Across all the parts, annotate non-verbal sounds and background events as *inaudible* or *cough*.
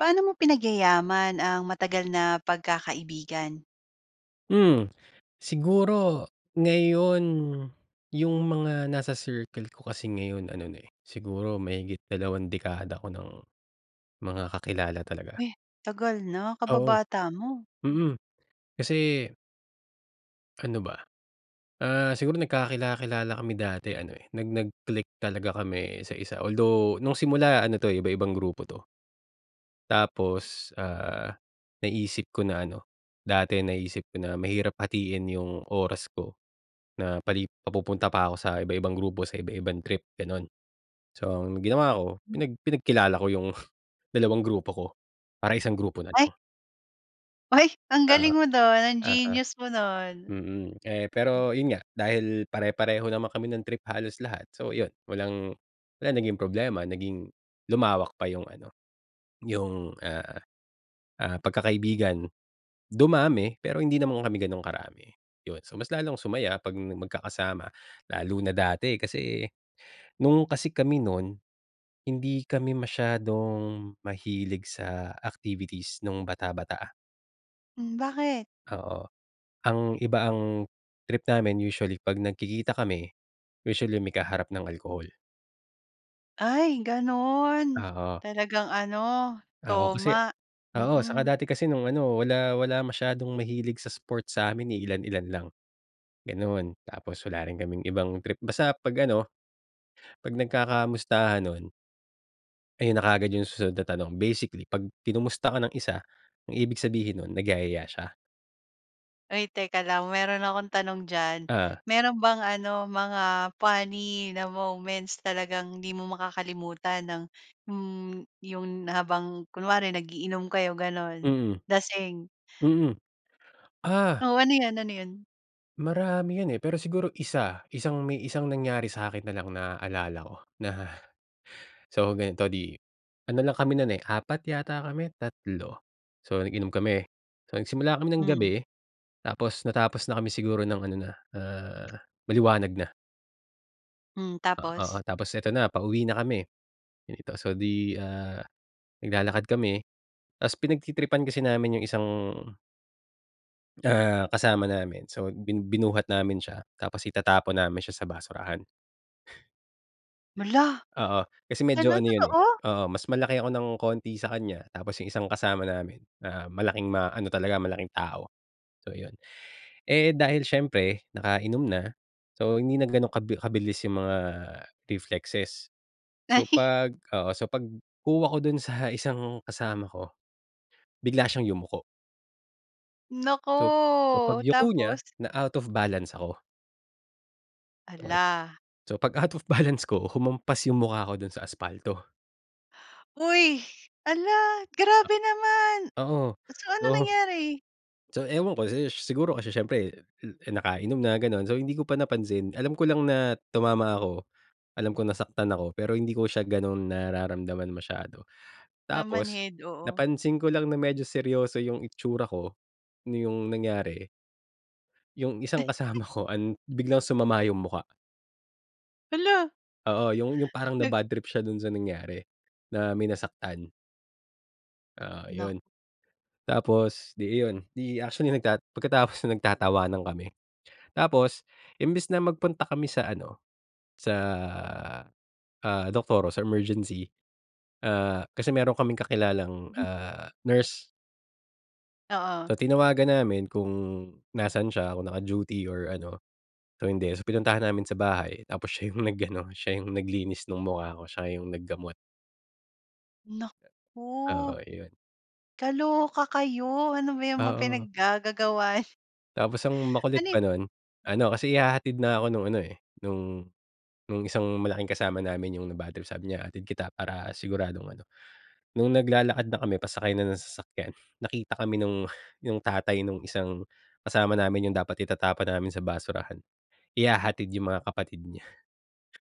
Paano mo pinagyayaman ang matagal na pagkakaibigan? Hmm. Siguro ngayon, yung mga nasa circle ko kasi ngayon ano na, eh, siguro mahigit dalawang dekada ko ng mga kakilala talaga. Uy, tagal na. Oo. Kababata mo. Hmm. Mm. Kasi Ano ba? Ah, siguro nagkakila-kilala kami dati ano, eh, nag nag-click talaga kami isa-isa. Although, nung simula ano 'to, eh, iba-ibang grupo 'to. Tapos, ah, naisip ko na ano, dati naisip ko na mahirap hatiin yung oras ko na pali papupunta pa ako sa iba-ibang grupo sa iba-ibang trip, gano'n. So, ang ginawa ko, Hmm. pinag pinagkilala ko yung dalawang grupo ko para isang grupo na Ay. lang. Ay! Ang Oo. galing mo do'n. Ang Oo. genius mo no'n. Mm. Eh, Hmm. pero yun nga, dahil pare-pareho naman kami ng trip halos lahat, so yun, walang wala naging problema naging lumawak pa yung ano, yung, ah, ah, pagkakaibigan. Dumami, pero hindi naman kami ganong karami, yun. So, mas lalong sumaya 'pag magkakasama. Lalo na dati, kasi nung kasi kami nun, hindi kami masyadong mahilig sa activities nung bata-bata. Hmm, bakit? Oo, ang iba ang trip namin usually 'pag nagkikita kami, usually may kaharap ng alcohol. Ay gano'n, Oo. talagang ano, Oo kasi toma. oo saka Mm. dati kasi nung ano wala wala masyadong mahilig sa sports sa'min, eh, ilan ilan lang ganoon. Tapos wala rin kaming ibang trip. Basta 'pag ano, pag nagkakamustahan nun ayon na kaagad yung susunod na tanong. Basically, 'pag kinumusta ka ng isa, ang ibig sabihin nun nagyayaya siya. Oy teka lang, meron akong tanong diyan. Ah. Mayro'n bang ano, mga funny na moments, talagang hindi mo makakalimutan ng hmm, 'yon habang kunwari nag-iinom kayo gano'n, Mm. lasing. Mm. Ah! Oo. Ano 'yon, ano 'yon? Marami 'yon eh, pero siguro isa. Isang may isang nangyari sa akin na lang naalala ko na. So ganito, 'di ano lang kami nun, eh, 4 yata kami, 3. So nag-inom kami. So nagsimula kami ng Hmm. gabi, tapos natapos na kami siguro ng ano na, ah, maliwanag na. Hmm, O oo tapos? tapos eto na pauwi na kami dito, so 'di, ah, naglalakad kami ta's pinagtritripan kasi namin yung isang ah, kasama namin so bin binuhat namin siya tapos itatapon namin siya sa basurahan. Hala! Oo, kasi medyo Gano'n, ano yun, eh, totoo? oo, mas malaki ako ng konti sa kanya tapos yung isang kasama namin na malaking ma-ano talaga malaking tao, so yun. Eh, dahil siyempre nakainom na, so hindi nag ganong kab kabilis yung mga reflexes, so, *chuckles* pag oo, so pagkuha ko dun sa isang kasama ko bigla siyang yumuko. So so, Naku, pagyuko niya tapos. na out of balance ako. Okey, Hala. so pag-out of balance ko humampas yung mukha ko dun sa aspalto. Hoy, hala A grabe naman, Oo, so ano so nangyari? so ewan ko si ish siguro kasi siyempre, eh, eh, nakainom na ganon, so hindi ko pa napansin alam ko lang na tumama ako, alam ko nasaktan ako pero hindi ko siya ganun nararamdaman masyado. Tapos Namanhid, oo. napansin ko lang na medyo seryoso yung itsura ko, na yung nangyari, yung isang *chuckles* kasama ko an biglang sumama yung mukha. Hala! Oo, yung yung parang Nag nabadtrip siya dun sa nangyari, na may nasaktan. Oo, Nak yun. Tapos, 'di iyon, 'di actually nagta pagkatapos no'n nagtatawanan kami. Tapos imbis na magpunta kami sa ano, sa, ah, doktor or sa emergency, ah, kasi meron kaming kakilalang, Mhm. ah, nurse. So, Oo. tinawagan namin kung nasaan siya, kung naka-duty or ano. So, hindi. So, pinuntahan namin sa bahay. Tapos siya yung nag-ano, siya yung naglinis ng mukha ko, siya yung naggamot. Naku! Oo, iyon. Kaloka kayo! Ano ba 'yang mga Oo. pinaggagagawa Tapos ang makulit Ano pa yung no'n, ano, kasi ihahatid na ako no'ng ano, eh, no'ng no'ng isang malaking kasama namin, 'yong nabadtrip. Sabi niya, "Hatid kita para siguradong ano" no'ng naglalakad na kami, pasakay na ng sasakyan, nakita kami no'ng 'yong tatay no'ng isang kasama namin, 'yong dapat itatapon namin sa basurahan, ihahatid 'yong mga kapatid niya.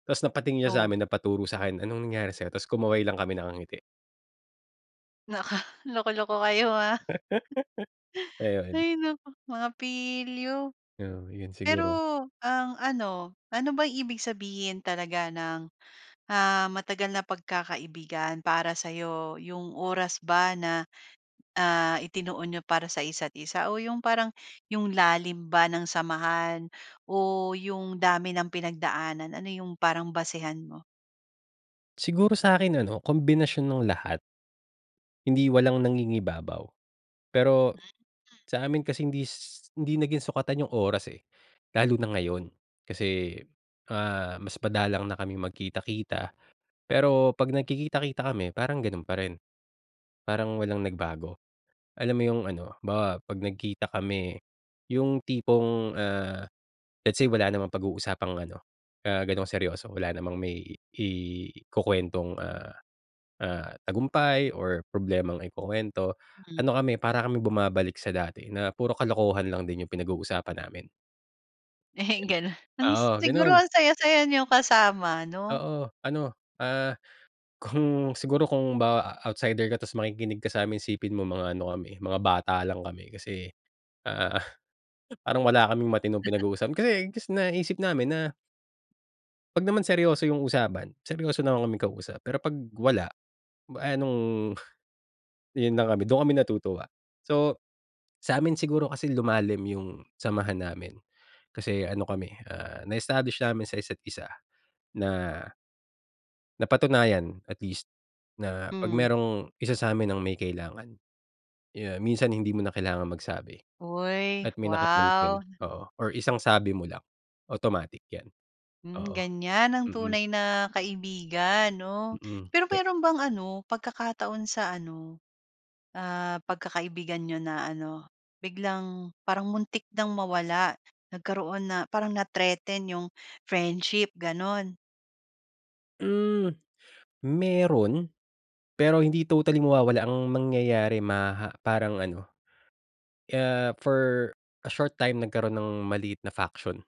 Tapos napatingin siya sa Oh. amin, napaturo sa akin, "Anong nangyari sa 'yo?" Tapos kumaway lang kami, nakangiti. Naka, loko-loko kayo ha. *breath* *chuckles* Ayun. Hay naku, mga pilyo. 'Yon, 'yun Pero siguro. ang ano, ano ba ibig sabihin talaga ng, ah, matagal na pagkakaibigan para sa'yo, 'yong oras ba na, ah, itinuon n'yo para sa isa't isa o 'yong parang, 'yong lalim ba ng samahan o 'yong dami ng pinagdaanan. Ano 'yong parang basehan mo? Siguro sa'kin ano, kombinasyon ng lahat. Hindi, walang nangingibabaw. Pero *unintelligible* sa amin kasi hindi s hindi naging sukatan 'yung oras, eh. Lalo na ngayon, kasi, ah, mas madalang na kami magkita-kita, pero pag nagkikita-kita kami parang ganu'n pa rin, parang walang nagbago. Alam mo 'yung ano, halimbawa 'pag nagkita kami 'yung tipong, ah, let's say wala namang pag-uusapang ano, ah, gano'ng seryoso. Wala namang may ikukuwentong, ah, ah, tagumpay or problemang ikukuwento. Hmm. Ano kami, para kaming bumabalik sa dati na puro kalokohan lang din 'yung pinag-uusapan namin. Eh, ganun. Ang Oo, siguro ganon! ang saya-saya n'yo kasama, 'no? Oo. Ano, ah, kung siguro, kung ba outsider ka, tas makikinig ka sa'min isipin mo mga ano kami mga bata lang kami. Kasi, ah, parang wala kaming matinong *laughs* pinag-uusapan. Kasi, gus naisip namin na 'pag naman seryoso yung usapan, seryoso naman kaming kausap. Pero pag wala, eh anong yun lang kami, dun kami natutuwa. So, sa'min siguro kasi lumalim yung samahan namin. Kasi, ano kami eh, ah, na-establish namin sa isa't isa na napatunayan, at least, na 'pag Hmm. merong isa sa'min ang may kailangan, yan minsan hindi mo na kailangang magsabi. Uy, At may wow. nakapansin, oo, or isang sabi mo lang automatic yan. Hmm, Oo. ganyan ang Mm. tunay na kaibigan, 'no. Mm. Pero, Ka meron bang ano pagkakataon sa ano, ah, pagkakaibigan niyo na ano, biglang parang muntik nang mawala, nagkaroon na parang na-threaten yung friendship? Ganun. Hmm. Meron, pero hindi totally mawawala. Ang mangyayari maha parang ano, ah, for a short time nagkaroon ng maliit na faction.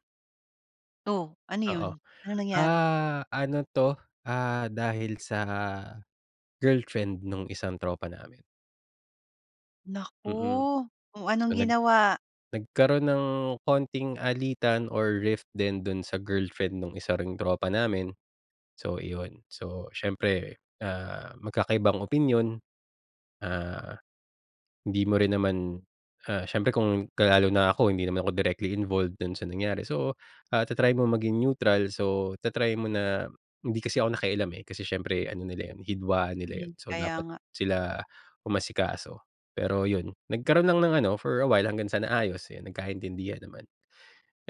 Oh. Ano Oo. 'yon? Anong nangyari? Ah, ano 'to, ah, dahil sa girlfriend nung isang tropa namin. Mm. Naku! Oh, So, anong nag ginawa? nagkaroon ng konting alitan or rift din do'n sa girlfriend nung isa ring tropa namin, so, iyon. So, siyempre, ah, magkakaibang opinyon, ah, hindi mo rin naman, ah, siyempre kung, lalo na ako hindi naman ako directly involved do'n sa nangyari, so, ah, ta-try mo maging neutral, so ta-try mo na hindi kasi ako nakialam, eh, kasi siyempre ano nila yon, hidwaan nila yon, Mm, so kaya dapat, nga. sila umasikaso, pero 'yon. Nagkaro'n lang ng ano for a while, hanggang sa naayos. Eh, nagkaintindihan naman,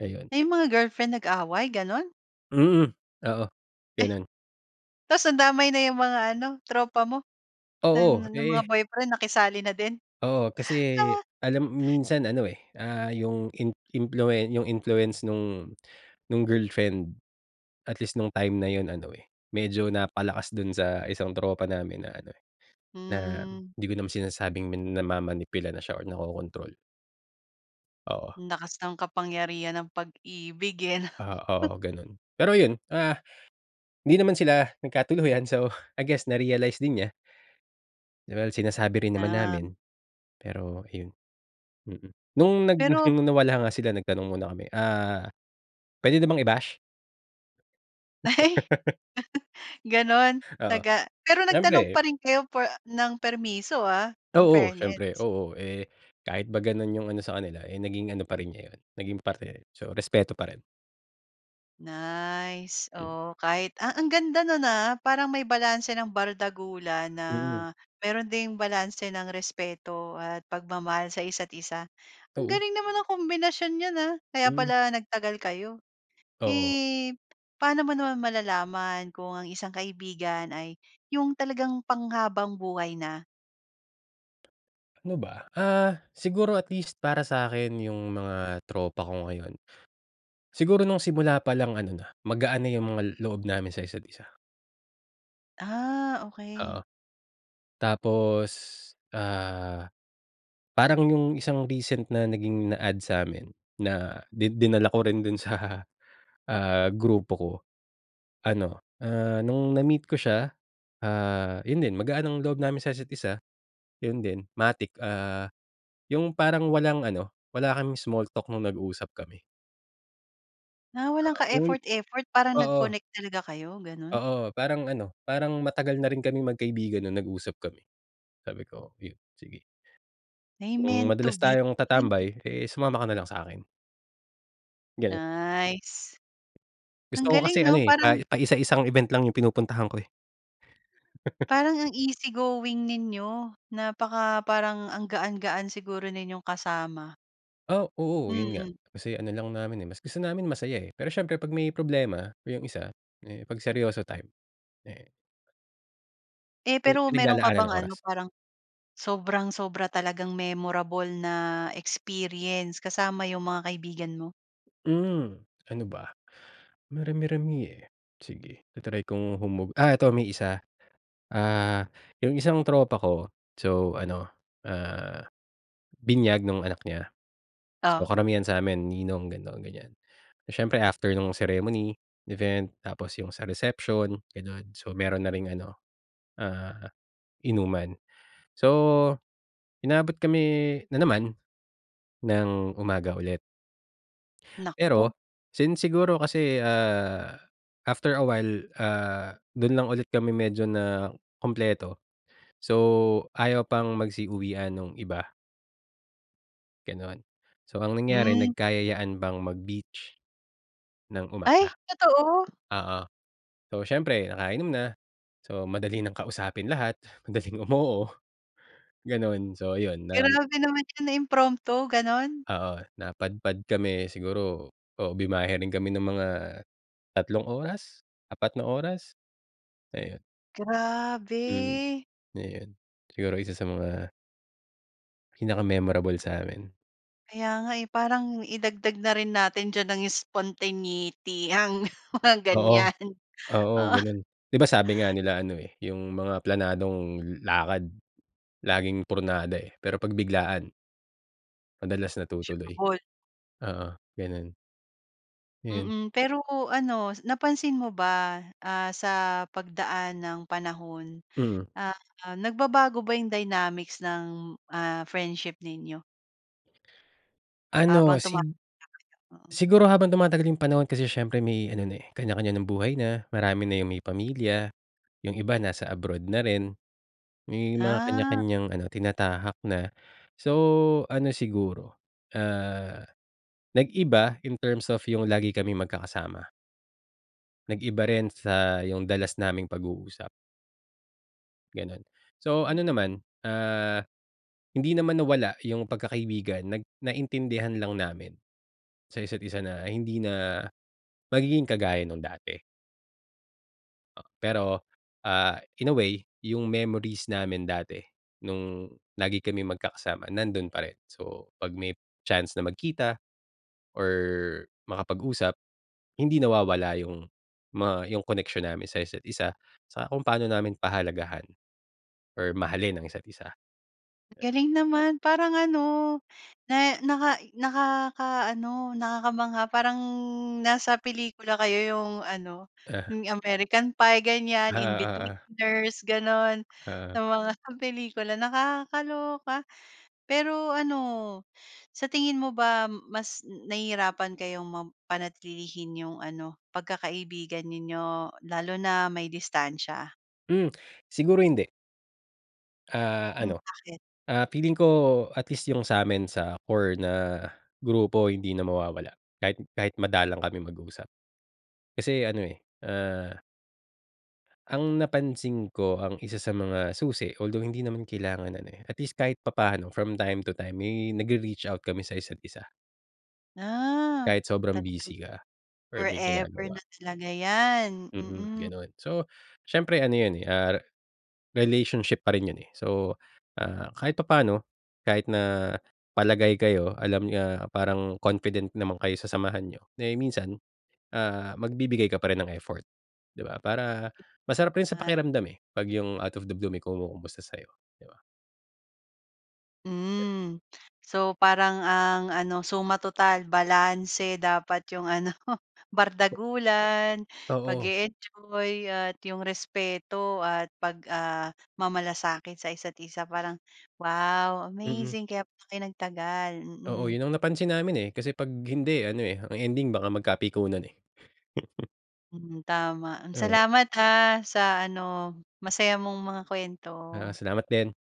ayun. Ay, yung mga girlfriend nag-away, gano'n? Mm. Oo, Eh. gano'n. Tas nadamay na yung mga ano, tropa mo? Na Oo, ng mga eh boyfriend nakisali na din? Oo, kasi Ah. alam minsan ano eh, ah, yung in influe yung influence nung nung girlfriend. At least nung time na 'yon ano eh, medyo napalakas do'n sa isang tropa namin na ano, na, Hmm. 'di ko naman sinasabing min namamanipula na siya or nakokontrol. Oo. Ang lakas ng kapangyarihan ng pag-ibig, eh, 'no. Ah, *chuckles* oo gano'n. Pero 'yon, ah, hindi naman sila nagkatuluyan. So, I guess na realize din niya. Well, sinasabi rin naman Ah. namin. Pero ayon, mm. Nung nag Pero nung nawala nga sila nagtanong muna kami, ah, "Puwede na bang i-bash?" *laughs* *laughs* Gano'n, Oo, taga pero nagtanong siyempre. pa rin kayo for ng permiso, ah, in Oo. siyempre. fairness. Oo, eh, kahit ba gano'n 'yung ano sa kanila, eh, naging ano pa rin nya 'yon, naging parte. So, respeto pa rin. Nice. Hmm. Oh, kahit ah ang ganda no'n, ah. Parang may balanse ng bardagulan, na Mm. mayro'n ding balanse ng respeto at pagmamahal sa isa't-isa. Ang Oo. galing naman nung kombinasyon nyo, ah, kaya Hmm. pala nagtagal kayo. Oo. Eh, paano mo naman malalaman kung ang isang kaibigan ay yung talagang panghabambuhay na? Ano ba? Ah, siguro at least para sa'kin 'yung mga tropa ko ngayon. Siguro nung simula palang ano na, magaan na 'yung mga loob namin sa isa't isa. Ah, Oo. okey. Tapos, ah, parang 'yung isang recent na naging na-add sa'min na di dinala ko rin dun sa, ah, grupo ko, ano, ah, nung na-meet ko siya, ah, 'yun din, magaan ang loob namin sa isa't isa, 'yun din. Matic, ah, 'yung parang walang ano, wala kaming small talk nung nag-usap kami. Ah, walang Oo, yung ka-effort-effort parang oo. nag-connect talaga kayo, gano'n? Oo, parang ano, parang matagal na rin kaming magkaibigan nung nag-usap kami. Sabi ko, yun sige. Ay, "Kung meant to madalas be. tayong tatambay, eh, sumama ka nalang sa'kin." Ganun. Nice. Gusto Ang ko galing kasi ano, 'no, eh, pa parang paisa-isang event lang yung pinupuntahan ko, eh. *laughs* Parang ang easy going ninyo. Napaka parang ang gaan-gaan siguro ninyong kasama. Oh, oo, 'yun nga. Hmm. Kasi ano lang namin, eh, mas gusto namin masaya, eh, pero siyempre pag may problema yung isa, eh, 'pag seryoso time, eh Eh, 'Yung pero meron ka pinaglalaanan ng bang ano, oras. parang sobrang-sobra talagang memorable na experience kasama 'yong mga kaibigan mo? Hmm, ano ba? Marami-rami, eh. Sige, ta-try kong humog ah, ito may isa. Ah, 'yung isang tropa ko, so ano, ah, binyag 'nung anak niya. So Oh. karamihan sa'min ninong gano'n, ganyan. Siyempre after 'nung ceremony, event, tapos 'yung sa reception, gano'n. So, meron na ring ano, ah, inuman. So, inabot kami na naman, ng umaga ulit. Naku. Pero since siguro kasi, ah, after a while, ah, do'n lang ulit kami medyo nakumpleto, so ayaw pang magsi-uwian 'nung iba. Gano'n, so ang nangyari, Hmm. nagkayayaan pang mag-beach ng Ay, umaga. totoo? Oo. So, siyempre nakainom na, so madali nang kausapin lahat, madaling umoo, gano'n. So, ayun nan Grabe naman 'yan na impromptu, gano'n? Oo, napadpad kami siguro o bumiyahe rin kami ng mga 3 oras, 4 na oras, ayun. Hmm, Grabe! Ayun. Siguro isa sa mga pinaka memorable sa amin. Kaya nga, eh, parang idagdag na rin natin diyan ng spontaneity, ang mga Oo. ganyan. Oo, Oo gano'n. 'Di ba sabi nga *gasps* nila ano, eh, yung mga planadong lakad laging pornada eh, 'pero pag biglaan madalas natutuloy. *unintelligible* Oo, gano'n. Ayun. Mm. Pero ano, napansin mo ba, ah, sa pagdaan ng panahon, Hmm. ah, nagbabago ba yung dynamics ng, ah, friendship ninyo? Habang Ano sig tumatanda kayo? Oo. siguro habang tumatagal yung panahon kasi siyempre may ano na, eh, kanya-kanya ng buhay na, marami na yung may pamilya, yung iba nasa abroad na rin, may mga Ah. kanya-kanyang ano, tinatahak na. So, ano siguro, ah, nag-iba in terms of yung lagi kaming magkakasama. Nag-iba rin sa yung dalas naming pag-uusap. Gano'n. So, ano Hmm. naman, ah, hindi naman nawala yung pagkakaibigan, nag naintindihan lang namin sa isa't isa na, hindi na magiging kagaya nung dati. Pero, ah, in a way yung memories namin dati, nung lagi kaming magkakasama nando'n pa rin. So, 'pag may chance na magkita or makapag-usap, hindi nawawala yung mga yung connection namin sa isa't isa sa kung paano namin pahalagahan or mahalin ang isa't isa. Galing naman parang ano, na naka nakakaano, nakakamangha. Parang nasa pelikula kayo yung ano, Ah. yung American Pie ganyan, Ah, oo, oo. Inbetweeners gano'n, Oo. na mga sa pelikula. Nakakaloka. Pero ano, sa tingin mo ba, mas nahihirapan kayong mapanatlilihin yung ano, pagkakaibigan ninyo, lalo na may distansiya? Hmm, siguro hindi. Ah, Hmm, ano, bakit? ah, feeling ko at least yung sa'min, sa core na grupo, hindi na mawawala kahit kahit madalang kami mag-usap. Kasi ano, eh, uh ang napansin ko, ang isa sa mga susi, although hindi naman kailangan, ano, eh, at least kahit papaano from time to time may nagre-reach out kami sa isa't isa. Ah, Kahit sobrang talaga. busy ka or may Forever ginagawa. na talaga yan. Mm, Mm. gano'n. So, siyempre ano yun, eh, ah, re relationship pa rin yun, eh. So, ah, kahit papaano kahit na palagay kayo, alam niyo, ah, parang confident naman kayo sa samahan niyo, eh, minsan, ah, magbibigay ka pa rin ng effort, 'di ba? Para masarap rin sa Ah. pakiramdam, eh, 'pag yung out of the blue may kumukumusta sayo, 'di ba? Hmm. So, parang ang ano, suma-total balanse dapat 'yong ano, bardagulan, Oo. pag-e-enjoy at 'yong respeto at pag, ah, mamalasakit sa isa't isa. Parang, wow! Mm. Amazing! Kaya pala kayo nagtagal. Oo. Mm. Yun ang napansin namin, eh. Kasi 'pag hindi, ano, eh, ang ending baka magkapikunan, eh. *laughs* Hmm, tama. Hmm, Eh. salamat ah, sa ano, masaya mong mga Ah, kuwento. salamat din.